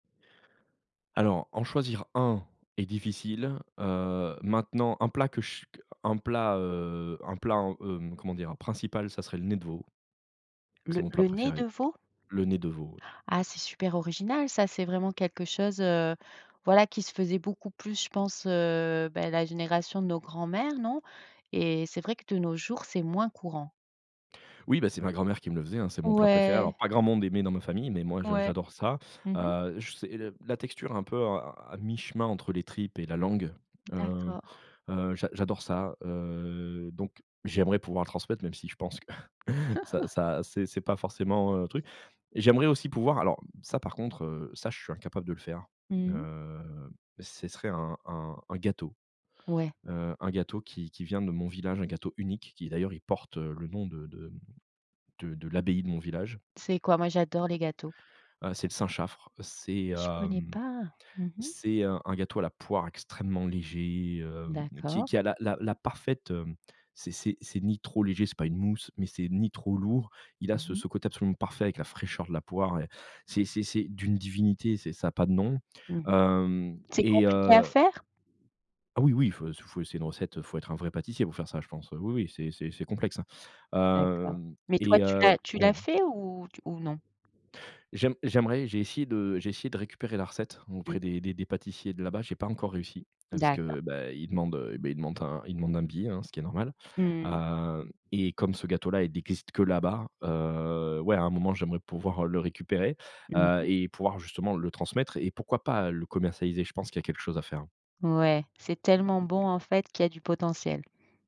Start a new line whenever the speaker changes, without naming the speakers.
Alors, en choisir un est difficile, heu, maintenant un plat que ch q un plat, heu, un plat en, hem, comment dire? Principal, ça serait le nez de veau c'est
Le
mon plat
le nez de
préféré.
veau?
Le nez de veau, ouais.
Ah c'est super original, ça! C'est vraiment quelque chose, heu, voilà, qui se faisait beaucoup plus, je pense, heu, bah, la génération de nos grands-mères, non? Et c'est vrai que de nos jours, c'est moins courant.
Oui bah, c'est ma grand-mère qui me le faisait, hein, c'est mon plat préféré, alors
Ouais!
pas grand monde aimait dans ma famille, mais moi, je
Ouais.
j'adore ça.
Mmh mh.
Heu, je sais, la la texture est un peu, hein, à à mi-chemin entre les tripes et la langue. Heu,
D'accord.
heu, j'a j'adore ça, heu, donc j'aimerais pouvoir le transmettre, même si je pense que ça ça c'est c'est pas forcément un truc. J'aimerais aussi pouvoir alors ça, par contre, heu, ça, je suis incapable de le faire,
Mmh.
heu, c'est serait un un un gâteau,
Ouais.
heu, un gâteau qui qui vient de mon village, un gâteau unique qui d'ailleurs il porte, heu, le nom de de de de l'abbaye de mon village
C'est quoi? Moi, j'adore les gâteaux.
heu, c'est le Saint-Chaffre, c'est,
Je connais
hem,
pas! Mmh mh.
c'est un un gâteau à la poire extrêmement léger, heu, qui
D'accord.
qui a la la la parfaite, heu, c'est c'est c'est ni trop léger, c'est pas une mousse, mais c'est ni trop lourd, il a
Mmh
ce
mh.
ce côté absolument parfait avec la fraîcheur de la poire, et c'est c'est c'est d'une divinité, c'est ça a pas de nom,
Mmh mh.
hem,
C'est
et
compliqué à
heu
faire?
Ah oui, oui, fau c fau c'est une recette, faut être un vrai pâtissier pour faire ça je pense, oui, oui, c'est c'est c'est complexe, hein,
D'accord.
hem
Mais
et
toi, tu
heu,
l'as tu
ouais.
l'as fait ou t ou non?
J'aim j'aimerais, j'ai essayé de j'ai essayé de récupérer la recette
Mmh.
auprès des des des pâtissiers de là-bas. J'ai pas encore réussi parce
D'accord.
que, bah, ils demandent, heu, bah, ils demandent un ils demandent un billet, hein, ce qui est normal.
Mmh.
Heu, et comme ce gâteau là, il existe que là-bas, heu, ouais, à un moment, j'aimerais pouvoir le récupérer,
Mmh
heu,
mh.
et pouvoir justement le transmettre et pourquoi pas le commercialiser, je pense qu'il y a quelque chose à faire.
Ouais, c'est tellement bon, en fait, qu'il y a du potentiel.